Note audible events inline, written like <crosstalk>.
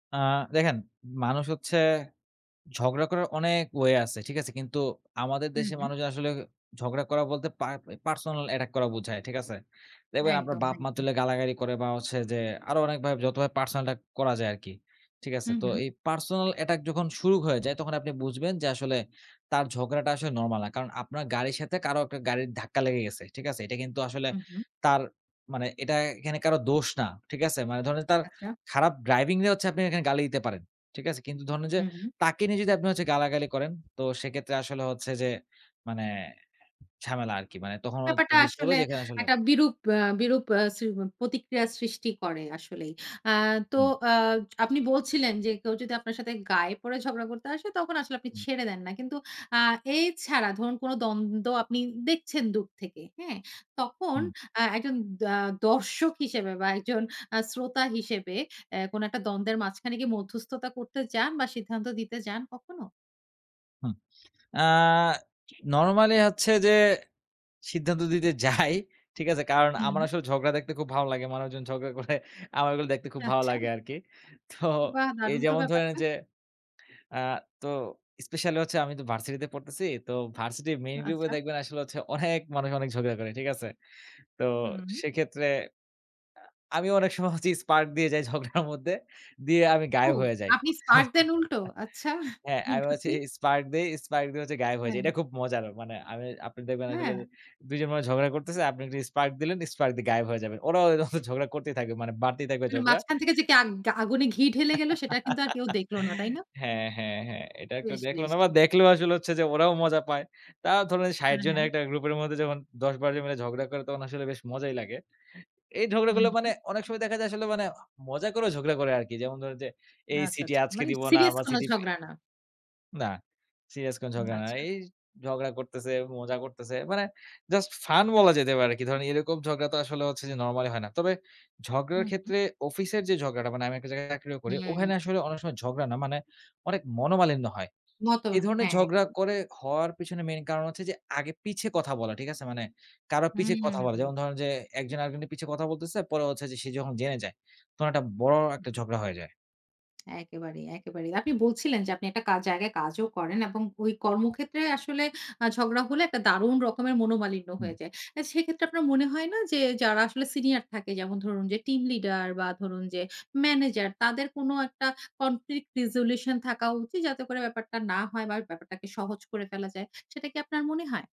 আ দেখেন মানুষ হচ্ছে ঝগড়া করার অনেক ওয়ে আছে। ঠিক আছে? কিন্তু আমাদের হু, দেশের হু। মানুষজন আসলে ঝগড়া করা বলতে পা পার্সোনাল অ্যাটাক করা বোঝায়। ঠিক আছে? দেখবেন আপনার একদম, বাপ মা একদম। তুলে গালাগালি করে বা হচ্ছে যে আরো অনেকভাবে যতভাবে পার্সোনাল অ্যাটাক করা যায় আরকি। ঠিক আছে? হুম, তো হুম। এই পার্সোনাল অ্যাটাক যখন শুরু হয়ে যায় তখন আপনি বুঝবেন, যে আসলে তার ঝগড়াটা আসলে নরমাল না। কারণ আপনার গাড়ির সাথে কারো একটা গাড়ির ধাক্কা লেগে গেছে। ঠিক আছে? এটা কিন্তু আসলে হু, হু। তার মানে এটা এখানে কারো দোষ না। ঠিক আছে? মানে ধরুন তার আচ্ছা। খারাপ ড্রাইভিং নিয়ে হচ্ছে আপনি এখানে গালি দিতে পারেন। ঠিক আছে? কিন্তু ধরেন যে হু, হুম। তাকে নিয়ে যদি আপনি হচ্ছে গালাগালি করেন তো সেক্ষেত্রে আসলে হচ্ছে যে মানে ঝামেলা আরকি মানে তখন হচ্ছে ব্যাপারটা বুঝতে হবে আসলে যে এখানে আসলে একটা বিরূপ আ বিরূপ আ স প্রতিক্রিয়া সৃষ্টি করে আসলেই। আ তো হুম। আ জ আপনি বলছিলেন, যে কেউ যদি আপনার সাথে গায়ে পড়ে ঝগড়া করতে আসে তখন আসলে আপনি হুম। ছেড়ে দেন না। কিন্তু আ এই ছাড়া ধরুন কোন দ্বন্দ্ব আপনি দেখছেন দূর থেকে। হ্যাঁ? তখন হুম। আ একজন দা দর্শক হিসেবে বা একজন আ শ্রোতা হিসেবে এ কোনো একটা দ্বন্দ্বের মাঝখানে গিয়ে মধ্যস্থতা করতে যান বা সিদ্ধান্ত দিতে যান কখনো? হুম। আ নরমালি হচ্ছে যে সিদ্ধান্ত দিতে যাই। ঠিক আছে? কারণ আমার হুম। আসলে ঝগড়া দেখতে খুব ভালো লাগে। মানুষজন ঝগড়া করে আমার এগুলো দেখতে খুব ভালো আচ্ছা। লাগে আরকি। তো বাহ! এই দারুন তো যেমন ধরে নিন ব্যাপারটা। যে আ তো স্পেশালী হচ্ছে আমি তো ভার্সিটি তে পড়তেছি। তো ভার্সিটি মেইন গ্রুপ এ আচ্ছা। দেখবেন আসলে অনেক মানুষ অনেক ঝগড়া করে। ঠিক আছে? তো হুম। সেক্ষেত্রে আ আমিও অনেক সময় হচ্ছে স্পার্ক দিয়ে যাই ঝগড়ার মধ্যে দিয়ে আমি ও গায়েব হয়ে যাই। আপনি স্পার্ক দেন <chuckles> উল্টো আচ্ছা। হ্যাঁ, আমি বলছি <unintelligible> স্পার্ক দিয়ে স্পার্ক দিয়ে হচ্ছে গায়েব হয়ে যাই। হ্যাঁ। এটা খুব মজার। মানে আমি আপনি দেখবেন আসলে হ্যাঁ। ২ জন মানুষ ঝগড়া করতেছে। আপনি একটু স্পার্ক দিলেন স্পার্ক দিয়ে গায়েব হয়ে যাবেন। ওরাও হচ্ছে ঝগড়া করতেই থাকবে। মানে বাড়তেই থাকবে মানে ঝগড়া মাঝখান থেকে যে আগ আগুনে ঘি ঢেলে গেলো সেটা কিন্তু <laughs> আর কেউ দেখল না, তাই না? হ্যাঁ, হ্যাঁ, হ্যাঁ এটা একটু বেশ, দেখলো বেশ। না বা দেখলেও আসলে হচ্ছে যে ওরাও মজা পায়। তাও ধরুন ৬০ হ্যাঁ, জনের হ্যাঁ। একটা গ্রুপের মধ্যে যখন ১০-১২ জন মিলে ঝগড়া করে তখন আসলে বেশ মজাই লাগে। এই হুম, ঝগড়াগুলো মানে হুম। অনেক সময় দেখা যায় আসলে মানে মজা করেও ঝগড়া করে আরকি। যেমন ধরুন যে এই আচ্ছা, CT আচ্ছা। আজকে মানে দিব না সিরিয়াস বা কোনো CT এ ঝগড়া না। না সিরিয়াস কোনো উ ঝগড়া না। আচ্ছা। এই ঝগড়া করতেছে, মজা করতেছে। মানে জাস্ট ফান বলা যেতে পারে আরকি। ধরেন এরকম ঝগড়া তো আসলে হচ্ছে যে নরমালী হয় না। তবে হু, ঝগড়ার হু। ক্ষেত্রে অফিসের যে ঝগড়াটা মানে আমি একটা জায়গায় চাকরিও করি হুম। ওখানে আসলে অনেক সময় ঝগড়া না মানে অনেক মনোমালিন্য হয়। মতো এ ধরনের হ্যাঁ, ঝগড়া একদম। করে, হওয়ার পেছনে মেইন কারণ হচ্ছে যে আগে পিছে কথা বলা। ঠিক আছে? মানে কারো পিছে কথা বলা হুম। যেমন ধরেন যে ১ জন আরেক জনের পিছে কথা বলতেছে পরে হচ্ছে সে যখন জেনে যায় তখন একটা বড় একটা <unintelligible> ঝগড়া হয়ে যায়। একেবারেই, একেবারেই। আপনি বলছিলেন যে আপনি একটা কা জায়গায় কাজও করেন এবং ঐ কর্মক্ষেত্রে আসলে আ ঝগড়া হলে একটা দারুণ রকমের মনোমালিন্য হুম। হয়ে যায়। আ সেক্ষেত্রে আপনার মনে হয় না যে যারা আসলে সিনিয়র থাকে যেমন ধরুন যে টিম লিডার বা ধরুন যে ম্যানেজার তাদের কোন একটা কনফ্লিক্ট রেজোলিউশন থাকা উচিত যাতে করে ব্যাপারটা না হয় বা ব্যাপারটাকে সহজ করে ফেলা যায়। সেটা কি আপনার মনে হয়?